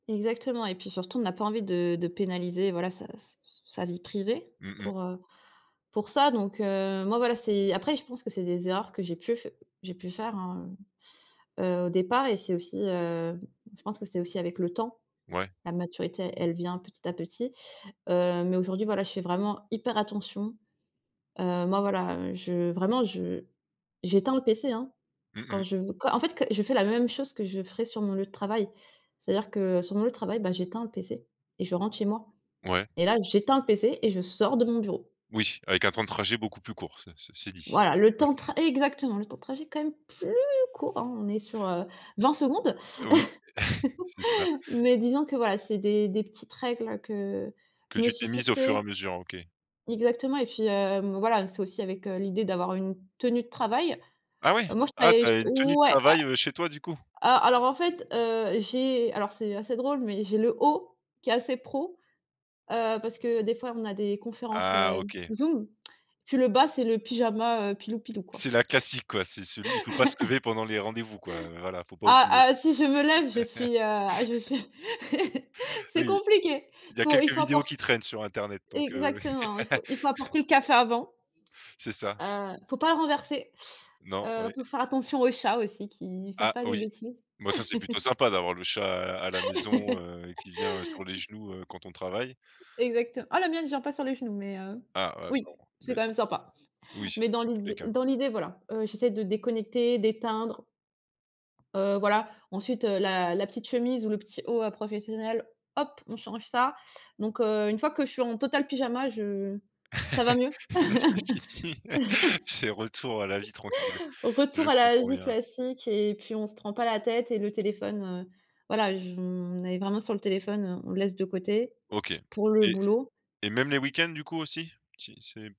Exactement et puis surtout, on n'a pas envie de de pénaliser, voilà, sa sa se sa vie privée Mmh mh. pour, heu, pour ça. Donc heu, moi, voilà, c'est après je pense que c'est des erreurs que j'ai pu f j'ai pu faire, hein, heu, heu, au départ et c'est aussi, heu, je pense que c'est aussi avec le temps. Ouais. La maturité, elle vient petit à petit, heu. Mais aujourd'hui, voilà, je fais vraiment hyper attention. Heu, moi, voilà, heu, je vraiment je j'éteins le PC, hein. Mmh Quand mh. je v quand en fait, que je fais la même chose que je ferais sur mon lieu de travail. C'est-à-dire que sur mon lieu de travail, ben, j'éteins le PC et je rentre chez moi Ouais. et là, j'éteins le PC et je sors de mon bureau. Oui, avec un temps de trajet beaucoup plus court, ce ceci dit. Voilà le Ouais. temps de tr exactement, le temps de trajet quand même plus court, hein, on est sur, heu, 20 secondes. Oui, c'est ça. Mais disons que, voilà, c'est des des petites règles que Que je me tu suis t'es mise au fur fixées. et à mesure, OK. Exactement et puis, heu, m voilà, c'est aussi avec, heu, l'idée d'avoir une tenue de travail. Ah ouais, Moi je ah, travaillais tu ch as une tenue de ouais a travail, heu, chez toi, du coup? a alors en fait, heu, j'ai alors c'est assez drôle mais, j'ai le haut, qui est assez pro, heu, parce que des fois, on a des conférences, Ah, heu, OK. Zoom, puis le bas, c'est le pyjama, heu, pilou, pilou, quoi. C'est la classique, quoi, c'est celui il faut pas se lever pendant les rendez-vous, quoi, voilà, il faut pas Ah! oublier. Ah! Si je me lève, je suis, heu, ah, je suis c'est Oui, compliqué. il y a Faut, il quelques faut vidéos qui apport traînent sur internet, donc, heu exactement, il faut, il faut apporter le café avant C'est ça. heu, faut pas le renverser. Non, Heu, ouais. faut faire attention aux chats aussi qu'ils fassent Ah pas des oui, bêtises. bah, ça, c'est plutôt sympa d'avoir le chat à à la maison, heu, qui vient sur les genoux, heu, quand on travaille. Exactem ah, la mienne vient pas sur les genoux mais, heu, Ah, ah, bon, oui, c'est quand laisse même ça. sympa. Oui, Mais, dans dans tous les l'idée cas. dans l'idée, voilà, heu, j'essaie de déconnecter, d'éteindre, heu, voilà. Ensuite, heu, la la petite chemise ou le petit haut professionnel, hop, on change ça. Donc, heu, 1 fois que je suis en total pyjama, je ça va mieux. Là, c'est fini, c'est retour à la vie tranquille, Je Retour à la comprends vie bien. classique et puis on se prend pas la tête et le téléphone, heu, voilà, je me on est vraiment sur le téléphone, heu, on le laisse de côté OK. pour le Et boulot. et même les week-ends, du coup, aussi? Si c'est